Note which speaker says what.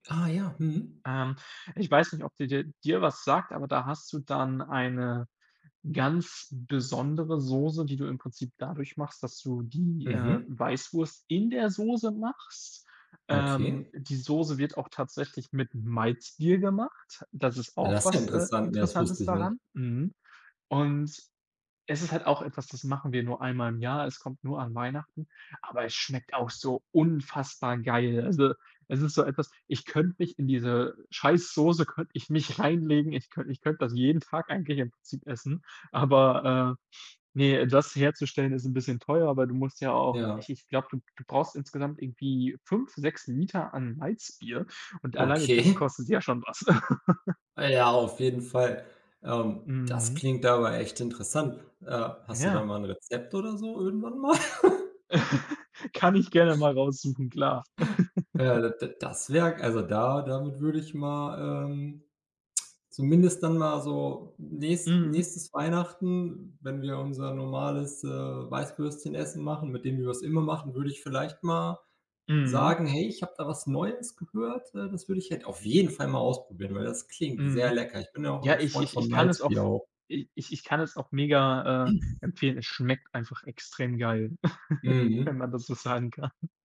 Speaker 1: Ah ja, mhm.
Speaker 2: Ähm, ich weiß nicht, ob die dir dir was sagt, aber da hast du dann eine ganz besondere Soße, die du im Prinzip dadurch machst, dass du die, äh,
Speaker 1: Mhm.
Speaker 2: Weißwurst in der Soße machst. Ähm,
Speaker 1: Okay.
Speaker 2: die Soße wird auch tatsächlich mit Malzbier gemacht, das ist
Speaker 1: Ja,
Speaker 2: auch
Speaker 1: das ist ja
Speaker 2: was, äh,
Speaker 1: interessant. Ne, das
Speaker 2: Interessantes
Speaker 1: wusste ich nicht.
Speaker 2: daran, mhm, und es ist halt auch etwas, das machen wir nur einmal im Jahr. Es kommt nur an Weihnachten, aber es schmeckt auch so unfassbar geil, also, es ist so etwas, ich könnte mich in diese scheiß Soße könnte ich mich reinlegen ich könnte ich könnte das jeden Tag eigentlich im Prinzip essen, aber, äh, ne, das herzustellen ist 'n bisschen teuer, aber du musst ja auch
Speaker 1: Ja.
Speaker 2: ich ich glaube, du du brauchst insgesamt irgendwie 5, 6 Liter an Malzbier und alleine das
Speaker 1: Okay.
Speaker 2: kostet ja schon was.
Speaker 1: Äh, ja, auf jeden Fall, ähm, das
Speaker 2: Mhm.
Speaker 1: klingt aber echt interessant, äh. Hast du da
Speaker 2: Ja.
Speaker 1: mal 'n Rezept oder so irgendwann mal?
Speaker 2: Kann ich gerne mal raussuchen, klar.
Speaker 1: Ja, d d das wäre also da damit würde ich mal ähm, zumindest dann mal so nächst
Speaker 2: Mhm.
Speaker 1: nächstes Weihnachten, wenn wir unser normales, äh, Weißwürstchenessen machen, mit dem wir es immer machen, würde ich vielleicht mal
Speaker 2: Mhm.
Speaker 1: sagen: „Hey, ich habe da was Neues gehört, äh, das würde ich halt auf jeden Fall mal ausprobieren, weil das klingt sehr
Speaker 2: Mhm.
Speaker 1: lecker.” Ich bin ja auch
Speaker 2: Ja,
Speaker 1: 'n
Speaker 2: ich
Speaker 1: Freund
Speaker 2: ich
Speaker 1: von
Speaker 2: ich kann es auch v
Speaker 1: Malzbier auch.
Speaker 2: i ich ich kann es auch mega, äh, empfehlen. Es schmeckt einfach extrem geil,
Speaker 1: Mhm.
Speaker 2: wenn man das so sagen kann.